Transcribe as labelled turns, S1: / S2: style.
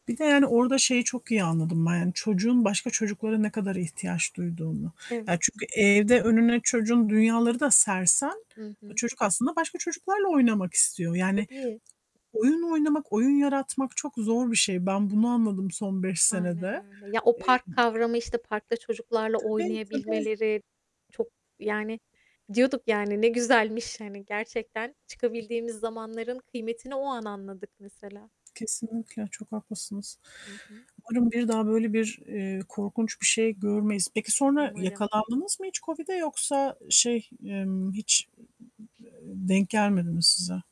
S1: Bir de, yani, orada şeyi çok iyi anladım ben, yani, çocuğun başka çocuklara ne kadar ihtiyaç duyduğunu. Ya,
S2: Evet.
S1: çünkü evde önüne çocuğun dünyaları da sersen,
S2: Hı
S1: e,
S2: hı.
S1: çocuk aslında başka çocuklarla oynamak istiyor. Yani,
S2: Tabii.
S1: oyun oynamak, oyun yaratmak çok zor bir şey. Ben bunu anladım son 5
S2: Aynen
S1: senede.
S2: öyle. Ya, o
S1: Eee
S2: park kavramı, işte, parkta çocuklarla
S1: Tabii, tabii.
S2: oynayabilmeleri çok, yani, diyorduk, yani, ne güzelmiş. Hani, gerçekten çıkabildiğimiz zamanların kıymetini o an anladık mesela.
S1: Kesinlikle, çok haklısınız.
S2: Hı hı.
S1: Umarım bir daha böyle bir, eee, korkunç bir şey görmeyiz. Peki sonra
S2: Umarım.
S1: yakalandınız mı hiç Covid'e yoksa şey, emm, hiç, e e e eee, denk gelmedi mi size?